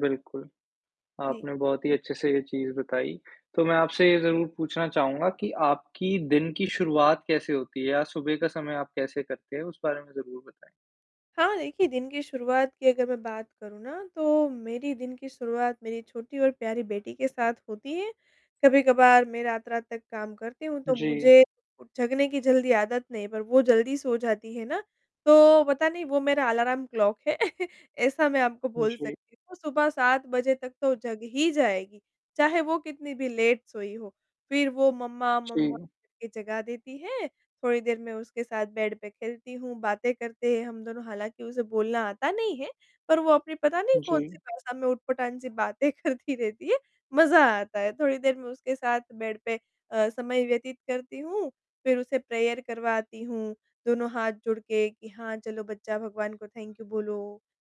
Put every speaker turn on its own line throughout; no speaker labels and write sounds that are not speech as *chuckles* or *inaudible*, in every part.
बिल्कुल,
जी।
आपने बहुत ही अच्छे-से ये चीज़ बताई, तो मैं आपसे ये ज़रूर पूछना चाहूँगा कि आपकी दिन की शुरुआत कैसे होती है या सुबह का समय आप कैसे करते हैं? उस बारे में ज़रूर बताएँ।
हाँ, देखिए दिन की शुरुआत की अगर मैं बात करूँ ना तो मेरी दिन की शुरुआत मेरी छोटी और प्यारी बेटी के साथ होती है, कभी-कभार मैं रात-रात तक काम करती हूँ, तो
जी।
मुझे उ जगने की जल्दी आदत नहीं पर वो जल्दी सो जाती है ना, तो पता नहीं वो मेरा अलार्म क्लॉक है *chuckles* ऐसा मैं आपको बोल
जी।
सकती हूँ, सुबह 7 बजे तक तो जग ही जाएगी, चाहे वो कितनी भी लेट सोई हो, फिर वो मम्मा, मम्मा
जी।
करके जगा देती हैं, थोड़ी देर मैं उसके साथ बेड पे खेलती हूँ, बातें करते हैं हम दोनों, हालाँकि उसे बोलना आता नहीं है, पर वो अपनी पता नहीं कौन-सी
जी।
भाषा में ऊँटपटाँग सी बातें करती रहती है, मज़ा आता है, थोड़ी देर मैं उसके साथ बेड पे अ, समय व्यतीत करती हूँ, फिर उसे प्रेयर करवाती हूँ, दोनों हाथ जुड़ के कि हाँ, चलो बच्चा भगवान को थैंक यू बोलो,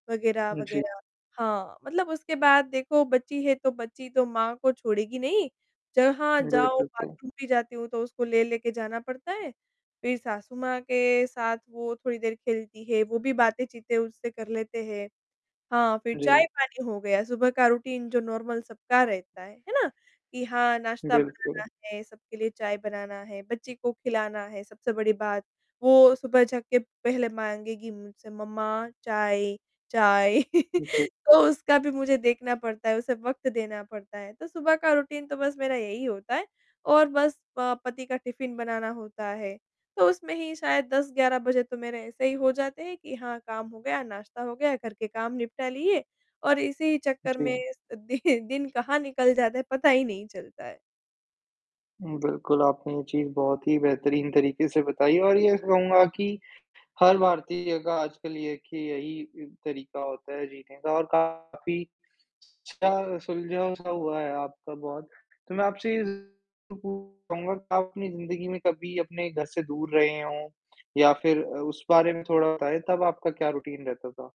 वग़ैरह,
जी।
वग़ैरह। हाँ, मतलब उसके बाद देखो बच्ची है, तो बच्ची तो माँ को छोड़ेगी नहीं, जहाँ
जी,
जाओ
बिल्कुल।
बाथरूम भी जाती हूँ तो उसको ले-ले के जाना पड़ता है, फिर सासू माँ के साथ वो थोड़ी देर खेलती है, वो भी बातें-चीतें उनसे कर लेते हैं। हाँ, फिर
जी।
चाय-पानी हो गया, सुबह का रूटीन जो नॉर्मल सबका रहता है, है ना? कि हाँ, नाश्ता
बिल्कुल।
बनाना है, सबके लिए चाय बनाना है, बच्ची को खिलाना है, सबसे बड़ी बात, वो सुबह जग के पहले माँगेगी कि मुझसे मम्मा चाय, चाय,
जी।
*chuckles* तो उसका भी मुझे देखना पड़ता है, उसे वक़्त देना पड़ता है, तो सुबह का रूटीन तो बस मेरा यही होता है और बस प पति का टिफिन बनाना होता है, तो उसमें ही शायद 10-11 बजे तो मेरे ऐसे ही हो जाते हैं कि हाँ, काम हो गया, नाश्ता हो गया घर के काम निपटा लिए और इसी चक्कर में
जी।
अ, दि दिन कहाँ निकल जाता है पता ही नहीं चलता है।
हुँ, बिल्कुल आपने ये चीज़ बहुत ही बेहतरीन तरीके से बताई और ये कहूँगा कि, हर भारतीय का आजकल एक कि यही अ, तरीका होता है जीने का और काफ़ी, अच्छा सुलझा-सा हुआ है आपका बहुत, तो मैं आपसे ये जरूर पूछूँगा कि आप अपनी ज़िंदगी में कभी अपने घर से दूर रहे हों या फिर अ, उस बारे में थोड़ा बताएँ, तब आपका क्या रूटीन रहता था?